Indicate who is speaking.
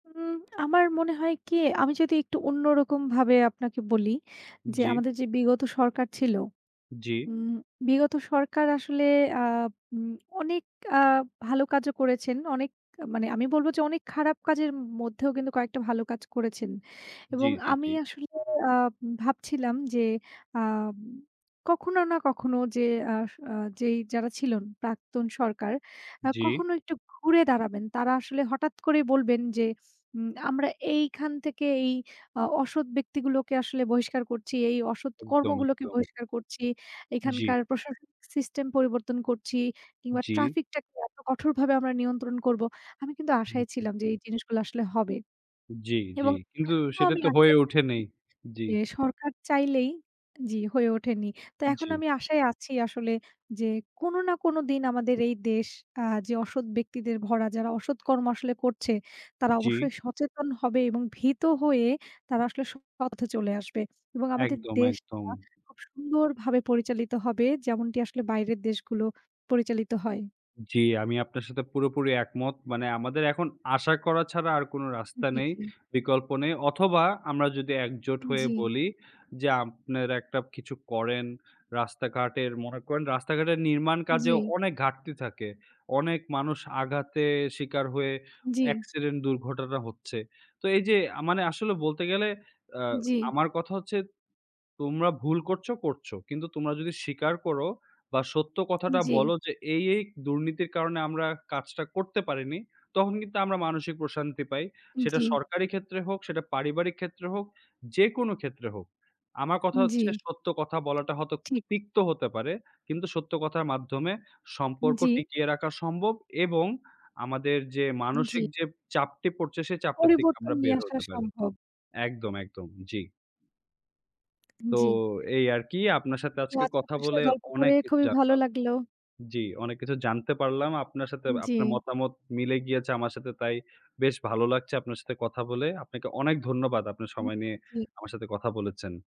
Speaker 1: উম আমার মনে হয় কি? আমি যদি একটু অন্যরকমভাবে আপনাকে বলি। যে
Speaker 2: জি।
Speaker 1: আমাদের যে বিগত সরকার ছিল,
Speaker 2: জি।
Speaker 1: উম বিগত সরকার আসলে আ উম অনেক আ ভালো কাজও করেছেন। অনেক আ মানে আমি বলবো যে, অনেক খারাপ কাজের উম মধ্যেও কিন্তু কয়েকটা ভালো কাজ করেছেন।
Speaker 2: জি,
Speaker 1: এবং
Speaker 2: জি,
Speaker 1: আমি
Speaker 2: জি।
Speaker 1: আসলে আ ভাবছিলাম যে আম কখনো না কখনো যে আস আ যেই যারা ছিলেন, প্রাক্তন সরকার। আ
Speaker 2: জি।
Speaker 1: কখনো একটু ঘুরে দাঁড়াবেন। তারা আসলে হঠাৎ করেই বলবেন যে, উম আমরা এইখান থেকে এই আ অসৎ ব্যক্তিগুলোকে আসলে বহিষ্কার করছি, এই অসৎ
Speaker 2: একদম,
Speaker 1: কর্মগুলোকে
Speaker 2: একদম।
Speaker 1: বহিষ্কার করছি। এখানকার
Speaker 2: জি।
Speaker 1: প্রশাসনিক সিস্টেম পরিবর্তন করছি। কিংবা
Speaker 2: জি।
Speaker 1: ট্রাফিকটাকে এত কঠোরভাবে আমরা নিয়ন্ত্রণ করবো। আমি কিন্তু
Speaker 2: হু,
Speaker 1: আশায়
Speaker 2: হু।
Speaker 1: ছিলাম যে এই জিনিসগুলো আসলে হবে।
Speaker 2: জি, জি।
Speaker 1: এবং
Speaker 2: কিন্তু
Speaker 1: এখনও
Speaker 2: সেটা
Speaker 1: আমি
Speaker 2: তো হয়ে
Speaker 1: আশায়
Speaker 2: ওঠে
Speaker 1: থাকি
Speaker 2: নেই। জি।
Speaker 1: যে সরকার চাইলেই জি, হয়ে ওঠেনি। তো এখন
Speaker 2: জি।
Speaker 1: আমি আশায় আছি আসলে যে কোনো না কোনো দিন আমাদের এই দেশ আ যে অসৎ ব্যক্তিদের ভরা, যারা অসৎ কর্ম আসলে করছে, তারা
Speaker 2: জি।
Speaker 1: অবশ্যই সচেতন হবে এবং ভীত হয়ে তারা আসলে সৎ পথে চলে আসবে। এবং আমাদের
Speaker 2: একদম,
Speaker 1: দেশটা
Speaker 2: একদম।
Speaker 1: খুব সুন্দরভাবে পরিচালিত হবে। যেমনটি আসলে বাইরের দেশগুলো পরিচালিত হয়।
Speaker 2: জি, আমি আপনার সাথে পুরোপুরি একমত। মানে আমাদের এখন আশা করা ছাড়া আর কোনো রাস্তা
Speaker 1: জি,
Speaker 2: নেই,
Speaker 1: জি।
Speaker 2: বিকল্প নেই। অথবা, আমরা যদি একজোট হয়ে
Speaker 1: জি।
Speaker 2: বলি যে, "আপনেরা একটা কিছু করেন।" রাস্তাঘাটের মনে করেন রাস্তাঘাটের নির্মাণ কাজে
Speaker 1: জি।
Speaker 2: অনেক ঘাটতি থাকে। অনেক মানুষ আঘাতে শিকার হয়ে
Speaker 1: জি।
Speaker 2: অ্যাক্সিডেন্ট দুর্ঘটনা হচ্ছে। তো এইযে আ মানে আসলে বলতে গেলে আ
Speaker 1: জি।
Speaker 2: আমার কথা হচ্ছে, "তোমরা ভুল করছো, করছো। কিন্তু তোমরা যদি স্বীকার করো বা, সত্য কথাটা
Speaker 1: জি।
Speaker 2: বলো যে, 'এই এই দুর্নীতির কারণে আমরা কাজটা করতে পারিনি,' তখন কিন্তু আমরা মানসিক প্রশান্তি পাই।" সেটা
Speaker 1: জি।
Speaker 2: সরকারি ক্ষেত্রে হোক, সেটা পারিবারিক ক্ষেত্রে হোক, যেকোন ক্ষেত্রে হোক। আমার কথা হচ্ছে
Speaker 1: জি।
Speaker 2: সত্য কথা বলাটা হয়তো
Speaker 1: ঠিক।
Speaker 2: তিক্ত হতে পারে। কিন্তু সত্য কথার মাধ্যমে সম্পর্ক
Speaker 1: জি।
Speaker 2: টিকিয়ে রাখা সম্ভব এবং আমাদের যে
Speaker 1: উম জি।
Speaker 2: মানসিক যে চাপটি পড়ছে, সেই চাপটা থেকে
Speaker 1: পরিবর্তন
Speaker 2: আমরা
Speaker 1: নিয়ে
Speaker 2: বের
Speaker 1: আসা
Speaker 2: হতে পারি।
Speaker 1: সম্ভব।
Speaker 2: একদম, একদম। জি। তো
Speaker 1: জি।
Speaker 2: এই আরকি। আপনার সাথে
Speaker 1: তো
Speaker 2: আজকে
Speaker 1: আজকে
Speaker 2: কথা
Speaker 1: আপনার সাথে
Speaker 2: বলে
Speaker 1: গল্প করে
Speaker 2: অনেক কিছু
Speaker 1: খুবই ভালো
Speaker 2: জানলাম।
Speaker 1: লাগলো।
Speaker 2: জি, অনেক কিছু জানতে পারলাম। আপনার সাথে
Speaker 1: উম জি।
Speaker 2: আপনার মতামত মিলে গিয়েছে আমার সাথে। তাই বেশ ভালো লাগছে আপনার সাথে কথা বলে। আপনাকে অনেক ধন্যবাদ। আপনার
Speaker 1: হুম,
Speaker 2: সময় নিয়ে
Speaker 1: জি।
Speaker 2: আমার সাথে কথা বলেছেন।